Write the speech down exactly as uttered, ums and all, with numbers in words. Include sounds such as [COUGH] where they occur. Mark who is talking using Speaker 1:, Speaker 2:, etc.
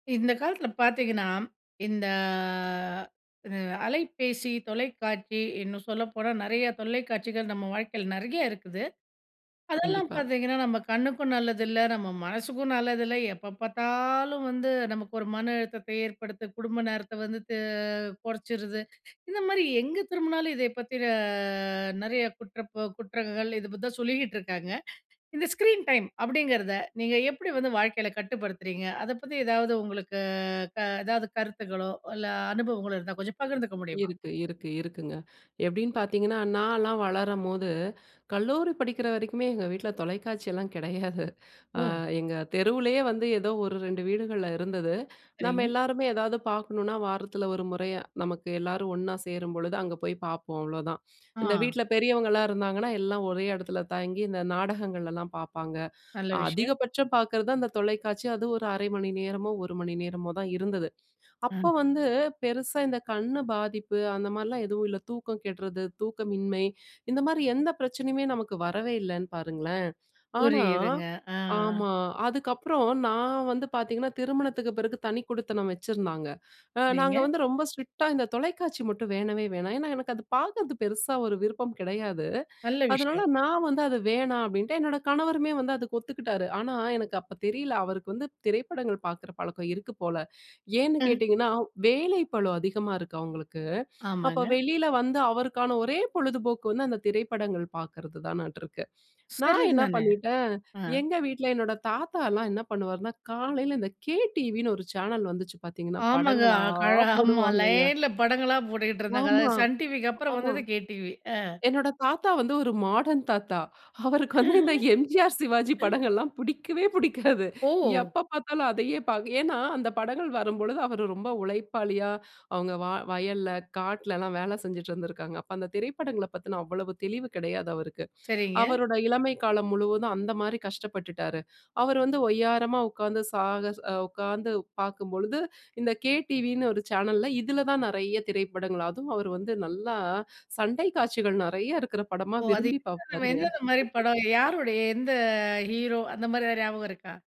Speaker 1: இந்த காலத்தில பார்த்திங்கன்னா, இந்த அலைபேசி, தொலைக்காட்சி இன்னும் சொல்லப்போனா, நெறைய தொல்லைக்காட்சிகள் நம்ம வாழ்க்கையில நெறைய இருக்குது. அதெல்லாம்
Speaker 2: கண்டிப்பா.
Speaker 1: பார்த்திங்கன்னா நம்ம கண்ணுக்கும் நல்லதுல்ல, நம்ம மனசுக்கும் நல்லதுல்ல. எப்போ பார்த்தாலும் வந்து, நமக்கு ஒரு மன அழுத்தத்தை ஏற்படுத்த குடும்ப நேரத்த வந்து தே குறைச்சிருது. இந்த மாரி எங்கே திரும்பினாலும், இதை பத்தின நெறைய குற்ற ப குற்றங்கள் இதை பத்து தான் சொல்லிக்கிட்டு இருக்காங்க. இந்த ஸ்க்ரீன் டைம் அப்படிங்கிறத நீங்க எப்டி வந்து வாழ்க்கையில கட்டுப்படுத்துறீங்க? அத பத்தி எதாது உங்களுக்கு க எதாவது கருத்துகளோ, இல்ல அனுபவங்களோ இருந்தா கொஞ்சம் பகிர்ந்துக்க முடியுமா?
Speaker 2: இருக்கு, இருக்கு, இருக்குங்க. எப்டின்னு பார்த்திங்கன்னா, நான்லாம் வளரம்போது, கல்லூரி படிக்கிற வரைக்குமே எங்க வீட்ல தொலைக்காட்சியெல்லாம் கெடையாது [CHUCKLES] ஆ
Speaker 1: ஓ!
Speaker 2: எங்க தெருவுலேயே வந்து ஏதோ ஒரு ரெண்டு வீடுகள்ல இருந்தது. நம்ம
Speaker 1: சரிங்க.
Speaker 2: எல்லாருமே ஏதாது பார்க்கணுனா, வாரத்தில ஒரு முறையா, நமக்கு எல்லாரும் ஒண்ணா சேரும்பொழுது அங்க போய் பார்ப்போம், அவ்வளவுதான். இந்த
Speaker 1: ஆ.
Speaker 2: வீட்ல பெரியவங்கலாம் இருந்தாங்கன்னா, எல்லாம் ஒரே இடத்துல தங்கி இந்த நாடகங்கள்லாம் பார்ப்பாங்க.
Speaker 1: நல்ல விஷயம்.
Speaker 2: அதிகபட்சம் பாக்குறது அந்த தொலைக்காட்சி. அது ஒரு அரை மணி நேரமோ, ஒரு மணி நேரமோ தான் இருந்தது. அப்போ
Speaker 1: ம்.
Speaker 2: வந்து பெருசா இந்த கண்ணு பாதிப்பு அந்த மாரிலாம் எதுவும் இல்ல. தூக்கம் கெட்றது, தூக்கமின்மை இந்த மாரி எந்த பிரச்சனையுமே நமக்கு வரவே இல்லைன்னு பாருங்களேன். ஆனா
Speaker 1: புரியுதுங்க, ஆ.
Speaker 2: ஆமா. அதுக்கப்புறம், நான் வந்து பார்த்திங்கன்னா, திருமணத்துக்கு பிறகு தனிக்குடித்தனம் வச்சிருந்தாங்க. அ நாங்க
Speaker 1: சரிங்க.
Speaker 2: வந்து ரொம்ப ஸ்ட்ரிக்ட்டா, "இந்த தொலைக்காட்சி மட்டும் வேணவே வேணா" ஏன்னா, எனக்கு அது பார்க்குறது பெருசா ஒரு விருப்பம் கிடையாது.
Speaker 1: நல்ல
Speaker 2: அதனால
Speaker 1: விஷயம்.
Speaker 2: நான் வந்து, "அதை வேணா" அப்டின்ட்டேன். என்னோட கணவருமே வந்து அதுக்கு ஒத்துக்கிட்டாரு. ஆனா, எனக்கு அப்போ தெரியல அவருக்கு வந்து திரைப்படங்கள் பார்க்கிற பழக்கம் இருக்கு போல. ஏன்னு
Speaker 1: ம்.
Speaker 2: கேட்டீங்கன்னா, வேலை பழு அதிகமா இருக்கு அவங்களுக்கு. அப்போ
Speaker 1: ஆமாங்க.
Speaker 2: வெளியில வந்து அவருக்கான ஒரே பொழுதுபோக்கு வந்து அந்த திரைப்படங்கள் பார்க்குறதுதானாட்ருக்கு. நான் என்னா
Speaker 1: சரிதானே.
Speaker 2: பண்ணிட்டேன்,
Speaker 1: ஆ.
Speaker 2: எங்க வீட்ல என்னோட தாத்தால்லாம் என்ன பண்ணுவாருனா, காலையில இந்த கே டிவின்னு ஒரு சேனல் வந்துச்சு பார்த்தீங்கன்னா,
Speaker 1: ஆமாங்க.
Speaker 2: படங்களா
Speaker 1: அ க ஆமா
Speaker 2: போடுவாங்கங்க.
Speaker 1: லைன்ல படங்கள்லாம் போட்டுகிட்டு இருந்தாங்க.
Speaker 2: ஆமா.
Speaker 1: அதாது சன் டிவிக்கு அப்புறம்
Speaker 2: ஆமா.
Speaker 1: வந்தது கேடிவி. ஆ.
Speaker 2: என்னோட தாத்தா வந்து ஒரு மாடர்ன் தாத்தா. அவருக்கு வந்து இந்த எம்ஜிஆர், சிவாஜி
Speaker 1: [LAUGHS]
Speaker 2: படங்கள்லாம் புடிக்கவே புடிக்காது.
Speaker 1: ஓ!
Speaker 2: எப்ப பார்த்தாலும் அதையே பா ஏன்னா, அந்த படங்கள் வரும்பொழுது அவரு ரொம்ப உழைப்பாளியா அவங்க வா வயல்ல, காட்டுலல்லாம் வேலை செஞ்சிட்டுருந்திருக்காங்க. அப்போ அந்த திரைப்படங்கள பத்தின அவ்வளவு தெளிவு கிடையாது அவருக்கு.
Speaker 1: சரிங்க.
Speaker 2: அவருடைய இளமை காலம் முழுவதும் அந்த மாரி கஷ்டப்பட்டுட்டாரு. அவர் வந்து ஒய்யாரமா உட்கார்ந்து சாகச உட்கார்ந்து பார்க்கும் பொழுது, இந்த கே டிவின்னு ஒரு சேனல்ல இதுல தான் நிறைய திரைப்படங்கள், அதுவும் அவரு வந்து நல்லா, சண்டை காட்சிகள் நெறைய இருக்கிற படமா
Speaker 1: ஓ! "அது
Speaker 2: விரும்பி
Speaker 1: எந்ததெந்த,
Speaker 2: பார்ப்பாருங்க.
Speaker 1: என்னென்ன மாரி படம்?" "யாருடைய?" "எந்த ஹீரோ?" அந்த மாரி எதாவது "ஞாபகம் இருக்கா?"